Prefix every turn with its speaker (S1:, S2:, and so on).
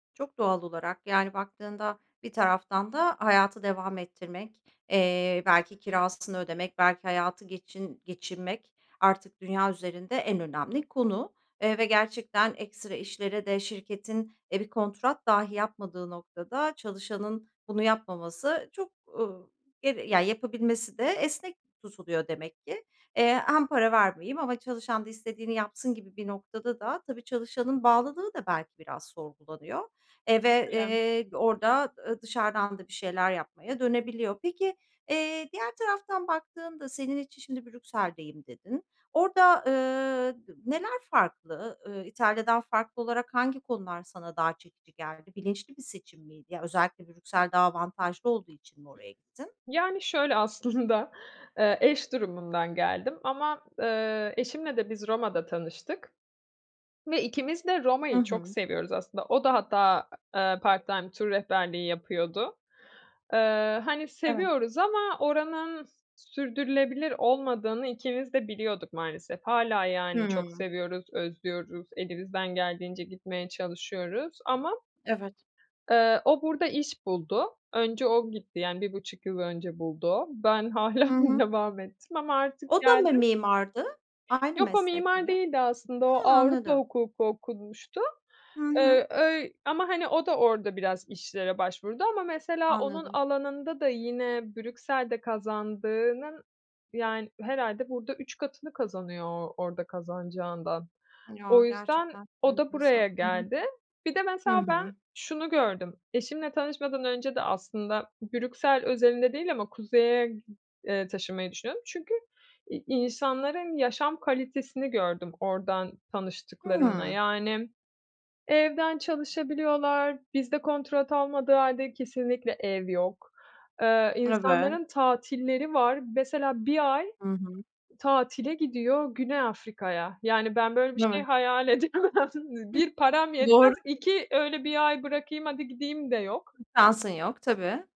S1: Çok doğal olarak, yani baktığında bir taraftan da hayatı devam ettirmek, eee, belki kirasını ödemek, belki hayatı geçin geçinmek artık dünya üzerinde en önemli konu. Eee, ve gerçekten ekstra işlere de şirketin e, bir kontrat dahi yapmadığı noktada çalışanın bunu yapmaması çok, ııı, geri ya, yapabilmesi de esnek tutuluyor demek ki. Eee, hem para vermeyeyim ama çalışan da istediğini yapsın gibi bir noktada da tabii, çalışanın bağlılığı da belki biraz sorgulanıyor, eee, ve,
S2: [unintelligible]
S1: eee, orada ı dışarıdan da bir şeyler yapmaya dönebiliyor. Peki, eee, diğer taraftan baktığında senin için şimdi, "Brüksel'deyim." dedin. Orada, ııı, d neler farklı? Iıı, İtalya'dan farklı olarak hangi konular sana daha çekici geldi? Bilinçli bir seçim miydi? Ya, özellikle Brüksel daha avantajlı olduğu için mi oraya gittin?
S2: Yani şöyle, aslında, eee, eş durumundan geldim ama, ııı, eşimle de biz Roma'da tanıştık ve ikimiz de
S1: Hı
S2: Roma'yı çok
S1: hı.
S2: seviyoruz aslında. O da hatta, ııı, part time tur rehberliği yapıyordu. Iıı, hani
S1: Evet.
S2: seviyoruz ama oranın sürdürülebilir olmadığını ikimiz de biliyorduk maalesef. Hâlâ, yani, çok
S1: Hımm!
S2: seviyoruz, özlüyoruz, elimizden geldiğince gitmeye çalışıyoruz ama
S1: Evet.
S2: Eee, o burada iş buldu. Önce o gitti, yani, 1,5 yıl önce buldu o. Ben hâlâ
S1: Hı hı.
S2: devam ettim ama artık
S1: O da mı
S2: geldim.
S1: mimardı, aynı
S2: Yok o
S1: meslek
S2: mimar
S1: mi?
S2: değildi aslında, o
S1: Hı,
S2: Avrupa
S1: anladım!
S2: hukuku okumuştu.
S1: Hı hı.
S2: Iıı, öy ama hani o da orada biraz işlere başvurdu ama mesela onun
S1: Anladım.
S2: alanında da yine Brüksel'de kazandığının yani herhâlde burada 3 katını kazanıyor o orada kazanacağından.
S1: Ya,
S2: O yüzden,
S1: gerçekten [unintelligible]
S2: o da buraya
S1: enteresan! Hı hı.
S2: geldi. Bir de
S1: Hı
S2: mesela ben
S1: hı!
S2: şunu gördüm, eşimle tanışmadan önce de aslında Brüksel özelinde değil ama Kuzey'e g eee, taşınmayı düşünüyordum. Çünkü i insanların yaşam kalitesini gördüm, oradan tanıştıklarımla.
S1: Hımm!
S2: Yani, evden çalışabiliyorlar, bizde kontrat olmadığı hâlde kesinlikle ev yok. Iıı,
S1: Eve
S2: insanların tatilleri var. Mesela 1 ay
S1: Hı hı.
S2: tatile gidiyor, Güney Afrika'ya. Yani, ben böyle bir şey
S1: Evet.
S2: hayal edemem. Nı
S1: [unintelligible]
S2: 1 param
S1: Doğru!
S2: yetmez, 2 öyle, "1 ay bırakayım, hadi gideyim." de yok.
S1: [unintelligible] Şansın yok, tabii!